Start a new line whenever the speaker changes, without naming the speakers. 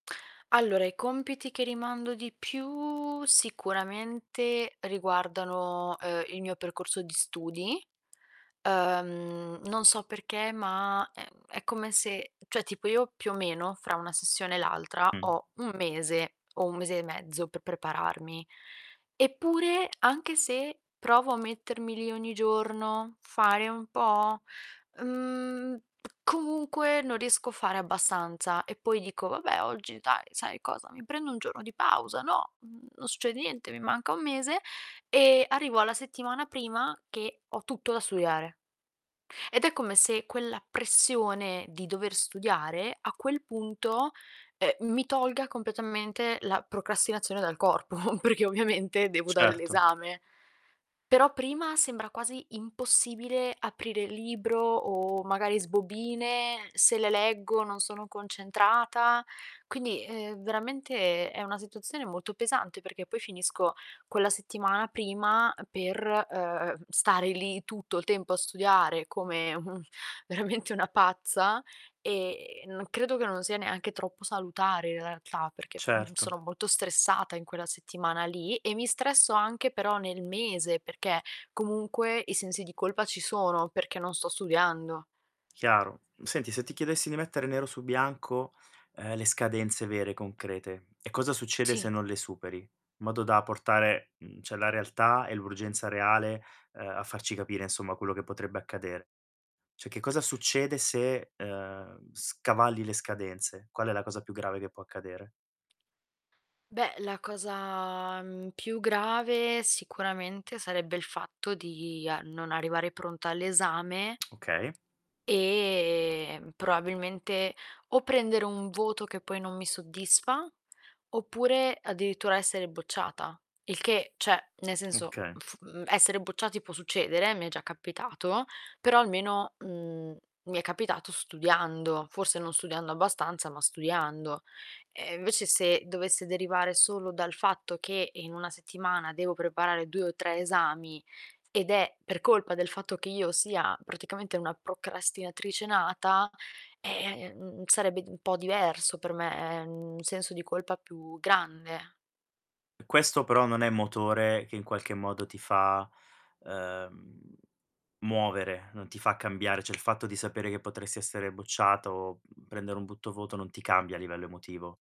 Allora, i compiti che rimando di più sicuramente riguardano, uhm, il mio percorso di studi. Uhm, non so perché ma, ehm, è come se cioè, tipo io, più o meno, fra una sessione e l'altra
Mh.
ho 1 mese, o 1 mese e mezzo, pe prepararmi. Eppure, anche se provo a mettermi lì ogni giorno, fare un po', mhmm, comunque non riesco a fare abbastanza. E poi dico: "Vabbè! Oggi dai, sai cosa, mi prendo 1 giorno di pausa, no, mhmm, non succede niente, mi manca 1 mese." E, arrivo alla settimana prima che ho tutto da studiare. Ed è come se quella pressione di dover studiare a quel punto, ehm, mi tolga completamente la procrastinazione dal corpo, perchè ovviamente devo dare
Certo.
l'esame. Però prima sembra quasi impossibile aprire il libro, o magari sbobine, se le leggo non sono concentrata. Quindi, ehm, veramente è è una situazione molto pesante, perché poi finisco quella settimana prima per, uhm, stare lì tutto il tempo a studiare come un veramente una pazza, e non credo che non sia neanche troppo salutare in realtà, perché, mhmm,
Certo.
sono molto stressata in quella settimana lì e mi stresso anche però nel mese, perché comunque i sensi di colpa ci sono, perché non sto studiando.
Chiaro. Senti, se ti chiedessi di mettere nero su bianco, ehm, le scadenze vere, concrete, e cosa succede se
Sì.
non le superi, in modo da portare, mhmm, cioè, la realtà e l'urgenza reale, uhm, a farci capire, insomma, quello che potrebbe accadere. Cioè, che cosa succede se, uhm, scavalli le scadenze? Qual è la cosa più grave che può accadere?
Beh, la cosa, mhmm, più grave sicuramente sarebbe il fatto di a non arrivare pronta all'esame
Okay.
e, mhmm, probabilmente o prendere un voto che poi non mi soddisfa, oppure addirittura essere bocciata. Il che cioè, nel senso:
Oka
fu mhmm, essere bocciati può succedere, eh, mi è già capitato, però almeno, mhmm, mi è capitato studiando, forse non studiando abbastanza, ma studiando. Eh invece se dovesse derivare solo dal fatto che in 1 settimana devo preparare 2 o 3 esami, ed è per colpa del fatto che io sia praticamente una procrastinatrice nata, eh, mhmm, sarebbe di un po' diverso per me, mhmm, un senso di colpa più grande.
E questo però non è motore che in qualche modo ti fa, uhm, muovere, non ti fa cambiare, cioè, il fatto di sapere che potresti essere bocciata o prendere un butto voto non ti cambia a livello emotivo.